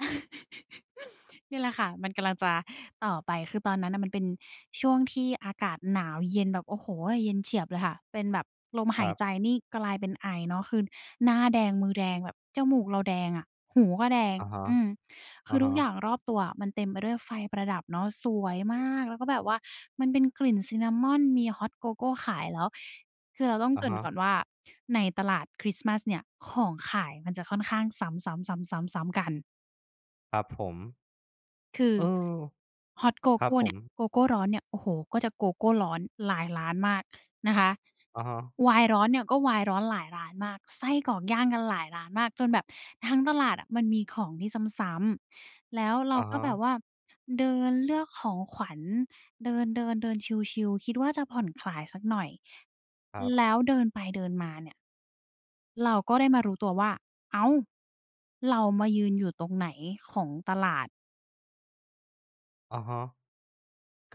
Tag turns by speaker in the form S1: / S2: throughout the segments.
S1: เนี่ยแหละค่ะ มันกำลังจะ ต่อไป คือตอนนั้นน่ะมันเป็นช่วงที่อากาศหนาวเย็น แบบ โอ้โฮ เย็นเฉียบเลยค่ะ เป็นแบบลมห
S2: ค
S1: า
S2: รั
S1: ย
S2: บ
S1: ใจนี่กลายเป็นไอเนาะ คือ หน้าแดง มือแดง แบบจมูกเราแดงอะ หูก็แดง
S2: อะฮะ
S1: อืม ค
S2: อ
S1: ื
S2: ะ
S1: อ
S2: ฮ
S1: ทุกอย่
S2: ะ
S1: างรอบตัวอะ มันเต็มไปด้วยไฟประดับเนาะ สวยมาก แล้วก็แบบว่า มันเป็นกลิ่น ซินนามอน มี ฮอต โกโก้ขายแล้ว คือเราต้อง
S2: อ
S1: เ
S2: ะ
S1: กริ่
S2: ฮ
S1: นก
S2: ะ
S1: ่อนว่า ในตลาดคริสต์มาสเนี่ย ของขายมันจะค่อนข้างซ้ำ ๆ ๆ ๆ ๆ กัน
S2: ครับผม
S1: คือ
S2: เออ
S1: ฮอต โก
S2: คร
S1: โก
S2: ับ
S1: ้
S2: ผ
S1: เนี่ย
S2: ม
S1: โกโก้ร้อนเนี่ย โอ้โฮ ก็จะโกโก้ร้อนหลายร้านมากนะคะ
S2: อะฮะ
S1: ไวน์ร้อนเนี่ย ก็ไวน์ร้อนหลายร้านมาก ไส้กรอกย่างกันหลายร้านมาก จนแบบทั้งตลาดอะมันมีของที่ซ้ำ ๆ แล้วเร
S2: อ
S1: า
S2: ะ
S1: ก
S2: ฮ
S1: ็แบบ
S2: ะ
S1: ว่าเดินเลือกของขวัญ เดิน ๆ ๆ ชิล ๆ คิดว่าจะผ่อนคลายสักหน่อย แล้ว
S2: ครับ
S1: เดินไปเดินมาเนี่ย เราก็ได้มารู้ตัวว่า "อ้าว เรามายืนอยู่ตรงไหนของตลาด?"
S2: อะฮะ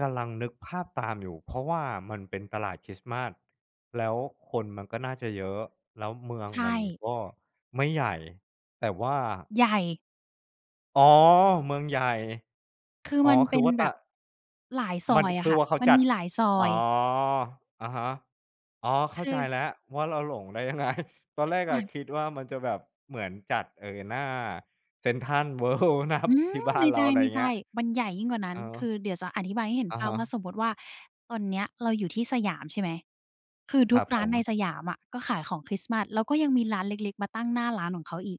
S2: กำลังนึกภาพตามอยู่ เพราะว่ามันเป็นตลาดคริสต์มาส แล้วคนมันก็น่าจะเยอะ แล้วเมือง
S1: ใช
S2: มัน
S1: ่
S2: ก็ไม่ใหญ่ แต่ว่า
S1: ใหญ่!
S2: อ๋อ! เมืองใหญ่
S1: คือ
S2: อ๋อ
S1: มัน
S2: ค
S1: เป
S2: ือ
S1: ็น
S2: ว่าต
S1: แบบ
S2: ะ
S1: หลายซอ
S2: มัน
S1: ยอ
S2: ค
S1: ะ
S2: ื
S1: ค
S2: อ
S1: ่ะ
S2: ว่า เขา
S1: มัน
S2: จั
S1: ม
S2: ด
S1: ีหลายซอ
S2: อ๋
S1: ย
S2: อ อะฮะ อ๋อ เข้าใจ
S1: คือ
S2: แล้วว่า เราหลงได้ ยังไง? ตอนแรก
S1: ค
S2: อ
S1: ่
S2: ะ
S1: ะ
S2: คิดว่า มันจะแบบเหมือนจัด เออ หน้าเซ็นทรัล เวิลด์ นับ
S1: ฮึ่
S2: ที่
S1: ย!
S2: บ้า
S1: ไม
S2: น
S1: ่
S2: เรา อะไรอย่าง
S1: ใ
S2: เ
S1: ช
S2: งี้
S1: ่
S2: ย
S1: ๆ มันใหญ่ยิ่งกว่านั
S2: เอ
S1: ้น
S2: อ
S1: คือเดี๋ยวจะอธิบายให้เห็น
S2: อะ
S1: ภา
S2: ฮ
S1: พว่า
S2: ะ
S1: สมมุติว่า ตอนเนี้ยเราอยู่ที่สยามใช่ไหม? คือ
S2: ค
S1: ท
S2: ร
S1: ุก
S2: ับ
S1: ร้
S2: ผ
S1: านใน
S2: ม
S1: สยามอะก็ขายของคริสต์มาส แล้วก็ยังมีร้านเล็ก ๆ มาตั้งหน้าร้านของเขาอีก